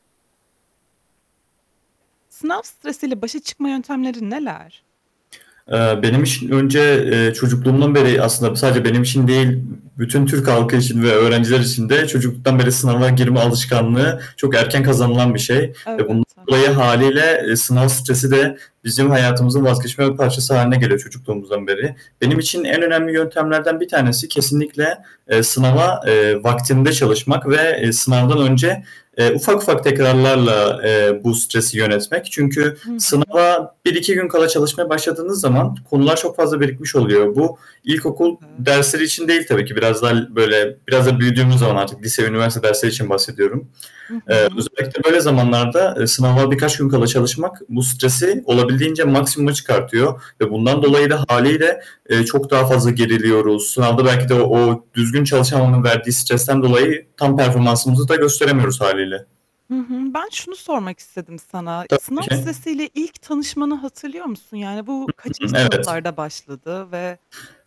Sınav stresiyle başa çıkma yöntemleri neler? Eee, benim için önce, eee, çocukluğumdan beri, aslında sadece benim için değil, bütün Türk halkı için ve öğrenciler için de çocukluktan beri sınava girme alışkanlığı çok erken kazanılan bir şey. Ve Evet. Ha. [unintelligible] hâliyle sınav stresi de bizim hayatımızın vazgeçilmez bir parçası hâline geliyor çocukluğumuzdan beri. Benim için Hı en hı. önemli yöntemlerden bir tanesi kesinlikle, eee, sınava, eee, vaktinde çalışmak. Ve, eee, sınavdan önce, eee, ufak ufak tekrarlarla, eee, bu stresi yönetmek. Çünkü Hı hı. sınava 1-2 gün kala çalışmaya başladığınız zaman konular çok fazla birikmiş oluyor. Bu ilkokul Evet. dersleri için değil tabii ki. Biraz daha l böyle, biraz da büyüdüğümüz zaman artık, lise ve üniversite dersleri için bahsediyorum. Hı Eee, hı. özellikle böyle zamanlarda, eee, sınava birkaç gün kala çalışmak bu stresi olabildiğince maksimuma çıkartıyor ve bundan I dolayı da hı. hâliyle, eee, çok daha fazla geriliyoruz. Sınavda belki de o düzgün çalışamamanın verdiği stresten dolayı, tam performansımızı da gösteremiyoruz hâliyle. Hı hı. Ben şunu sormak istedim sana. Sınav Tabii ki. stresiyle ilk tanışmanı hatırlıyor musun? Yani, bu kaçıncı Evet. sınıflarda başladı ve